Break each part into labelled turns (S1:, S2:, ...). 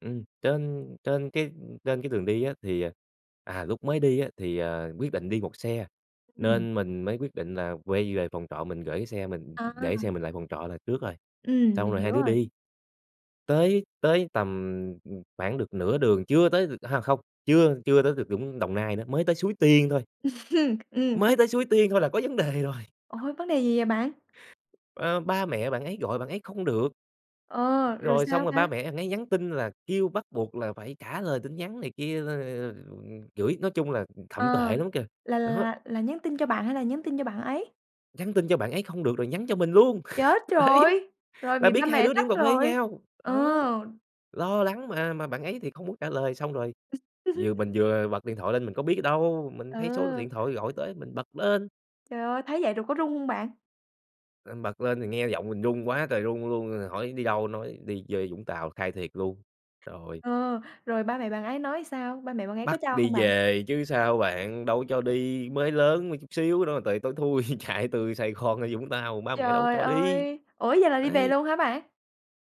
S1: Ừm, trên trên cái trên cái đường đi á, thì, ờ à, lúc mới đi á, thì, à, quyết định đi 1 xe,
S2: Ừm.
S1: nên mình mới quyết định là quay về phòng trọ mình gởi cái xe mình, ừm, ừm, để xe
S2: À!
S1: mình lại phòng trọ là trước rồi,
S2: Ừm,
S1: xong
S2: mình
S1: rồi hai
S2: hiểu
S1: đứa
S2: rồi.
S1: đi. Tới tới tầm, ừm, khoảng được nửa đường chưa tới a, không, chưa chưa tới được Vũng Đồng Nai nữa, mới tới Suối Tiên thôi.
S2: Ừm, ha.
S1: Mới tới Suối Tiên thôi là có vấn đề rồi.
S2: Ôi! Vấn đề gì vậy bạn?
S1: À, ba mẹ bạn ấy gọi bạn ấy không được.
S2: Ờ, rồi
S1: Rồi xong
S2: sao
S1: rồi ba
S2: ta?
S1: mẹ bạn ấy nhắn tin là kêu bắt buộc là phải trả lời tin nhắn này kia nên [unintelligible] chửi nói chung là thậm
S2: Ờ,
S1: tệ lắm kìa.
S2: là
S1: Đó.
S2: là là nhắn tin cho bạn hay là nhắn tin cho bạn ấy?
S1: Nhắn tin cho bạn ấy không được rồi nhắn cho mình luôn.
S2: Chết
S1: Đấy.
S2: rồi! Rồi
S1: Là
S2: bị ba
S1: biết hai
S2: mẹ
S1: đứa đi
S2: trách
S1: uống cà phê với
S2: rồi.
S1: nhau.
S2: Ờ!
S1: Đó. Lo lắng, mà mà bạn ấy thì không muốn trả lời. Xong rồi vừa mình vừa bật điện thoại lên, mình có biết đâu, mình thấy số
S2: Ờ.
S1: điện thoại gọi tới mình bật lên.
S2: Trời ơi! Thấy vậy rồi có rung hông bạn?
S1: À, bật lên thì nghe giọng mình run quá trời run luôn rồi hỏi: "Đi đâu?" nói: "Đi chơi Vũng Tàu." Khai thiệt luôn. Rồi.
S2: Ờ. Rồi ba mẹ bạn ấy nói sao? Ba mẹ bạn ấy có
S1: Bắt
S2: cho hông
S1: đi
S2: bạn?
S1: về chứ sao bạn, đâu có cho đi. Mới lớn mà, chút xíu nữa mà tời tối thui chạy từ Sài Gòn ra Vũng Tàu, ba mẹ đâu có
S2: Trời
S1: cho đi.
S2: ơi! Ủa vậy là đi về
S1: Đấy.
S2: luôn hả bạn?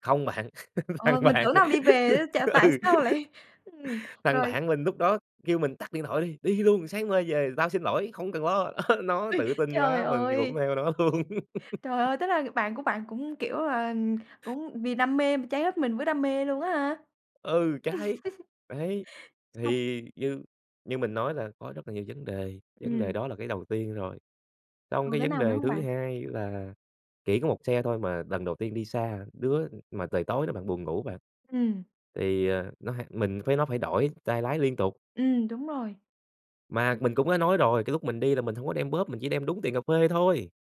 S1: Không bạn. Thằng
S2: Ờ, mình
S1: bạn
S2: tưởng đâu đi về á ch tại
S1: ừ.
S2: sao lại ừm,
S1: Thằng
S2: rồi
S1: bạn mình lúc đó kêu mình: "Tắt điện thoại đi, đi luôn, sáng mai về tao xin lỗi, không cần lo." Nó
S2: Ôi,
S1: tự tin
S2: trời
S1: quá, mình thì cũng
S2: ơi!
S1: theo nó luôn.
S2: Trời ơi, tức là bạn của bạn cũng, kiểu là, cũng vì đam mê mà cháy hết mình với đam mê luôn á ha.
S1: Ừ, cháy. Đấy,
S2: Xong
S1: thì như như mình nói là có rất là nhiều vấn đề, vấn đề
S2: Ừm.
S1: đó là cái đầu tiên rồi. Xong
S2: Còn
S1: cái
S2: cái
S1: vấn
S2: nào nữa
S1: đề
S2: hông
S1: thứ
S2: bạn?
S1: hai là chỉ có 1 xe thôi mà lần đầu tiên đi xa. Đứa mà trời tối nữa bạn, buồn ngủ bạn.
S2: Ừm.
S1: Thì, ờ, nó ha mình với nó phải đổi tay lái liên tục.
S2: Ừm, đúng rồi.
S1: Mà mình cũng đã nói rồi, cái lúc mình đi là mình hổng có đem bóp, mình chỉ đem đúng tiền cà phê thôi.